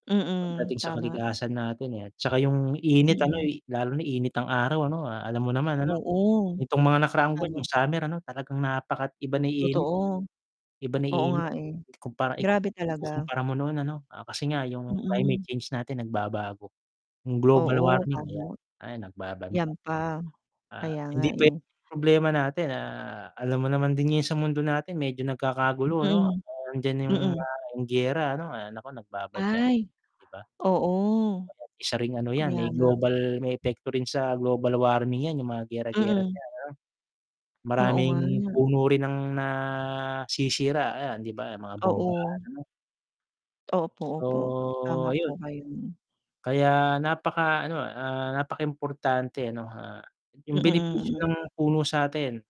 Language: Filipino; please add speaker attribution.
Speaker 1: Mm,
Speaker 2: Pagdating sa
Speaker 1: tama.
Speaker 2: kalikasan natin, eh, at saka yung init ano,
Speaker 1: Mm.
Speaker 2: y lalo na init ng araw ano, alam mo naman ano.
Speaker 1: Oo,
Speaker 2: Nitong mga nakaraang buwan
Speaker 1: tama.
Speaker 2: yung summer ano talagang napakat iba na yung init.
Speaker 1: Totoo.
Speaker 2: Iba na
Speaker 1: Oo nga
Speaker 2: init
Speaker 1: eh,
Speaker 2: ikumpara, i
Speaker 1: grabe talaga.
Speaker 2: ikukumpara mo nun ano, ah, kasi nga yung climate
Speaker 1: Mm.
Speaker 2: change natin nagbabago, yung global
Speaker 1: Oo
Speaker 2: warming ayan,
Speaker 1: tama.
Speaker 2: ayan nagbabanta.
Speaker 1: Yan pa.
Speaker 2: Ah,
Speaker 1: Kaya nga
Speaker 2: hindi puwede
Speaker 1: eh.
Speaker 2: problema natin, ah, alam mo naman din yun sa mundo natin medyo nagkakagulo ano, ah,
Speaker 1: Mm.
Speaker 2: nandiyan yung
Speaker 1: Mm.
Speaker 2: mga giyera ano, ay nako nagbabadya,
Speaker 1: Ay
Speaker 2: 'di ba?
Speaker 1: oo.
Speaker 2: Isa ring ano yan
Speaker 1: Kaya
Speaker 2: may
Speaker 1: lang
Speaker 2: global may epekto rin sa global warming yan yung mga giyera-giyera
Speaker 1: Mm.
Speaker 2: diyan ano.
Speaker 1: Oo
Speaker 2: Maraming
Speaker 1: nga.
Speaker 2: puno rin ang nasisira, ayan, 'di ba, mga bombahan,
Speaker 1: Oo.
Speaker 2: ano?
Speaker 1: Opo, opo,
Speaker 2: So,
Speaker 1: tama
Speaker 2: ayun.
Speaker 1: po kayo.
Speaker 2: Kaya napaka ano, ah, napakaimportante ano, ah, yung
Speaker 1: Mm,
Speaker 2: benepisyo
Speaker 1: mm.
Speaker 2: ng puno sa'tin.